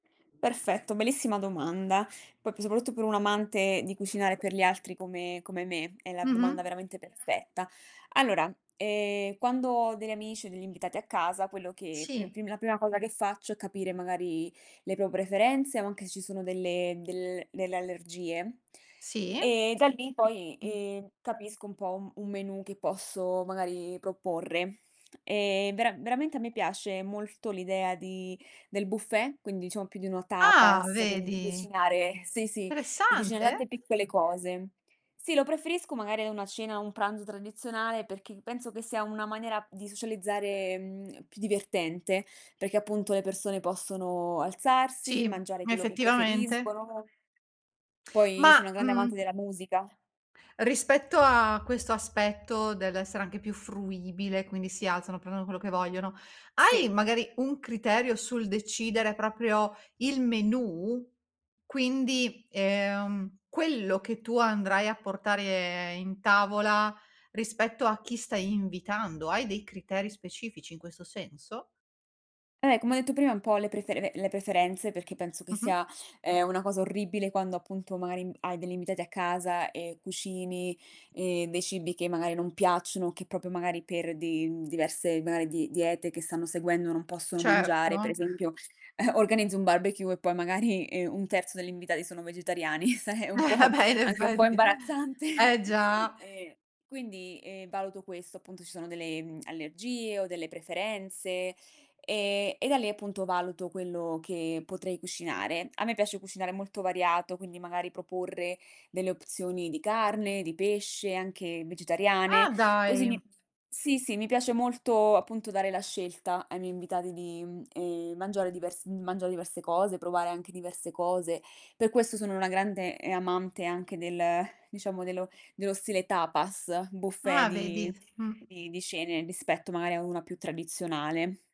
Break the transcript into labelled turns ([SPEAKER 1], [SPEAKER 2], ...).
[SPEAKER 1] Perfetto, bellissima domanda. Poi soprattutto per un amante di cucinare per gli altri come come me, è la domanda
[SPEAKER 2] Mh-mh.
[SPEAKER 1] veramente perfetta. Allora, ehm, quando ho degli amici o degli invitati a casa, quello che più
[SPEAKER 2] Sì.
[SPEAKER 1] pri la prima cosa che faccio è capire magari le pro preferenze o anche se ci sono delle del delle allergie.
[SPEAKER 2] Sì.
[SPEAKER 1] E da lì poi, ehm, capisco un po' un un menù che posso magari proporre. E vera veramente a me piace molto l'idea di del buffet, quindi diciamo più di una
[SPEAKER 2] Ah
[SPEAKER 1] tapas, quindi di
[SPEAKER 2] vedi.
[SPEAKER 1] cucinare sì, sì, di cucinare
[SPEAKER 2] Interessante.
[SPEAKER 1] tante piccole cose. Sì, lo preferisco magari a una cena, un pranzo tradizionale, perché penso che sia una maniera di socializzare, mhmm, più divertente, perché appunto le persone possono alzarsi,
[SPEAKER 2] Sì,
[SPEAKER 1] mangiare quello che
[SPEAKER 2] effettivamente.
[SPEAKER 1] preferiscono. Poi io
[SPEAKER 2] Ma,
[SPEAKER 1] sono una grande amante
[SPEAKER 2] mhmm
[SPEAKER 1] della musica.
[SPEAKER 2] rispetto a questo aspetto dell'essere anche più fruibile, quindi si alzano, prendono quello che vogliono, hai
[SPEAKER 1] Sì.
[SPEAKER 2] magari un criterio sul decidere proprio il menù? Quindi, ehm, quello che tu andrai a portare in tavola rispetto a chi stai invitando? Hai dei criteri specifici in questo senso?
[SPEAKER 1] Eh, come ho detto prima un po' le prefere le preferenze perché penso che
[SPEAKER 2] Mh-mh.
[SPEAKER 1] sia, ehm, una cosa orribile quando appunto magari, mhmm, hai degli invitati a casa e cucini, ehm, dei cibi che magari non piacciono o che proprio magari per di diverse magari di diete che stanno seguendo non possono mangiare, per
[SPEAKER 2] Certo.
[SPEAKER 1] esempio, organizzi un barbecue e poi magari i 1/3 degli invitati sono vegetariani, sai è un
[SPEAKER 2] Eh, ah
[SPEAKER 1] po'
[SPEAKER 2] beh, in
[SPEAKER 1] anche un po'
[SPEAKER 2] effetti,
[SPEAKER 1] imbarazzante.
[SPEAKER 2] eh già.
[SPEAKER 1] E quindi, ehm, valuto questo, appunto ci sono delle, mhmm, allergie o delle preferenze e e da lì appunto valuto quello che potrei cucinare. A me piace cucinare molto variato, quindi magari proporre delle opzioni di carne, di pesce, anche
[SPEAKER 2] Ah
[SPEAKER 1] vegetariane. Così
[SPEAKER 2] dai.
[SPEAKER 1] mi sì, sì, mi piace molto appunto dare la scelta ai miei invitati di, mhmm, ehm, mangiare divers mangiare diverse cose, provare anche diverse cose. Per questo sono una grande, ehm, amante anche del diciamo dello dello stile tapas, buffet
[SPEAKER 2] Ah, vedi,
[SPEAKER 1] di
[SPEAKER 2] mh.
[SPEAKER 1] di di cene rispetto magari a una più tradizionale.